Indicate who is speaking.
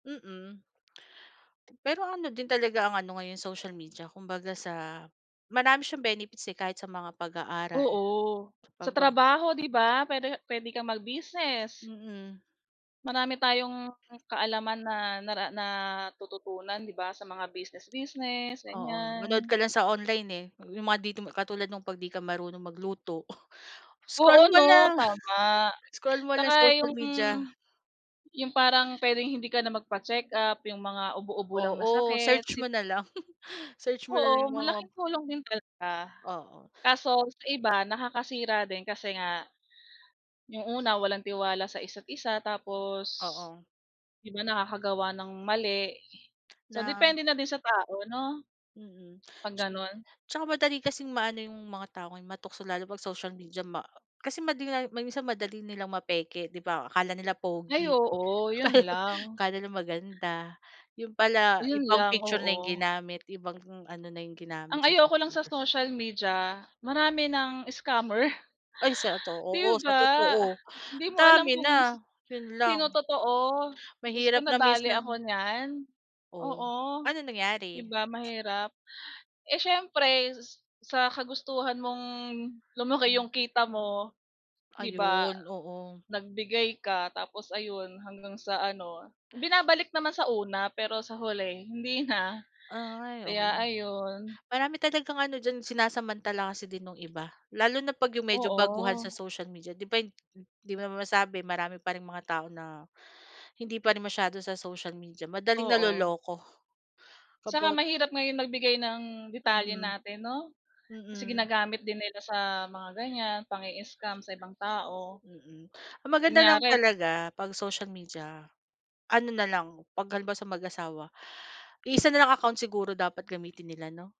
Speaker 1: Mm, pero ano din talaga ang ano ngayon social media kumbaga sa, marami siyang benefits, eh, kahit sa mga pag-aaral
Speaker 2: Oo, sa
Speaker 1: pagka
Speaker 2: trabaho 'di ba, puwede puwede kang mag-business.
Speaker 1: Mm.
Speaker 2: Marami tayong kaalaman na nara natututunan 'di ba sa mga business business,
Speaker 1: Oo, manood
Speaker 2: ganyan.
Speaker 1: ka lang sa online eh, yung mga dito mo katulad nung 'pag di ka marunong magluto
Speaker 2: Oo,
Speaker 1: scroll mo
Speaker 2: 'no
Speaker 1: lang,
Speaker 2: tama
Speaker 1: scroll mo lang
Speaker 2: tsaka
Speaker 1: social
Speaker 2: yung
Speaker 1: media.
Speaker 2: yung parang pwedeng hindi ka na magpacheck up, yung mga ubo-ubo lang na
Speaker 1: Oo
Speaker 2: sakit,
Speaker 1: search mo
Speaker 2: sipo
Speaker 1: na lang, search mo na lang
Speaker 2: Oo
Speaker 1: yung mga
Speaker 2: malaking tulong din talaga,
Speaker 1: Oo.
Speaker 2: kaso sa iba nakakasira din kasi nga, yung una walang tiwala sa isa't isa, tapos
Speaker 1: Oo.
Speaker 2: 'di ba nakakagawa ng mali, so
Speaker 1: Na
Speaker 2: depende na din sa tao 'no?
Speaker 1: mm,
Speaker 2: 'Pag ganon.
Speaker 1: tsaka madali kasing maano 'yong mga tao ngayon matukso lalo 'pag social media ma kasi madinga minsan madali nilang mapeke 'di ba akala nila
Speaker 2: Ay,
Speaker 1: pogi
Speaker 2: oo, yun lang.
Speaker 1: akala nila maganda, 'yon pala
Speaker 2: Yun
Speaker 1: ibang
Speaker 2: lang,
Speaker 1: picture na 'yong
Speaker 2: oo.
Speaker 1: ginamit ibang ano na 'yong ginamit
Speaker 2: Ang
Speaker 1: sa
Speaker 2: ayoko
Speaker 1: social
Speaker 2: lang sa
Speaker 1: media.
Speaker 2: social media, marami ng scammer.
Speaker 1: Ay, si ato oo,
Speaker 2: 'Di
Speaker 1: sa
Speaker 2: ba?
Speaker 1: totoo,
Speaker 2: Hindi mo alam
Speaker 1: dami
Speaker 2: kung si
Speaker 1: na yun
Speaker 2: sino
Speaker 1: lang.
Speaker 2: totoo, Diyos ko
Speaker 1: Mahirap na
Speaker 2: nadali ako
Speaker 1: minsan.
Speaker 2: niyan,
Speaker 1: Oh,
Speaker 2: oo,
Speaker 1: ano
Speaker 2: 'di
Speaker 1: nangyari?
Speaker 2: ba mahirap. Eh, siyempre sa kagustuhan mong lumaki 'yong
Speaker 1: Hmm.
Speaker 2: kita mo 'di ba
Speaker 1: Ayun, oo.
Speaker 2: nagbigay ka, tapos ayun hanggang sa ano binabalik naman sa una pero sa huli hindi na,
Speaker 1: Ay, oo,
Speaker 2: kaya ayun.
Speaker 1: marami talagang ano diyan sinasamantala kasi din nung iba. Lalo na 'pag 'yong medyo baguhan
Speaker 2: Oo.
Speaker 1: sa social media 'di ba hin hindi mo masabi marami pa ring mga tao na hindi pa rin masyado sa social media madaling
Speaker 2: Oo.
Speaker 1: naloloko
Speaker 2: Tsaka,
Speaker 1: kapag
Speaker 2: mahirap ngayon magbigay ng detalye
Speaker 1: Mhm,
Speaker 2: natin 'no, kasi
Speaker 1: mm.
Speaker 2: ginagamit din nila sa mga ganyan pang-i-scam sa ibang tao.
Speaker 1: Mm, ang maganda lang
Speaker 2: Kunyari
Speaker 1: talaga pag social media, ano na lang 'pag halimbawa sa mag-asawa, iisa na lang account siguro dapat gamitin nila 'no.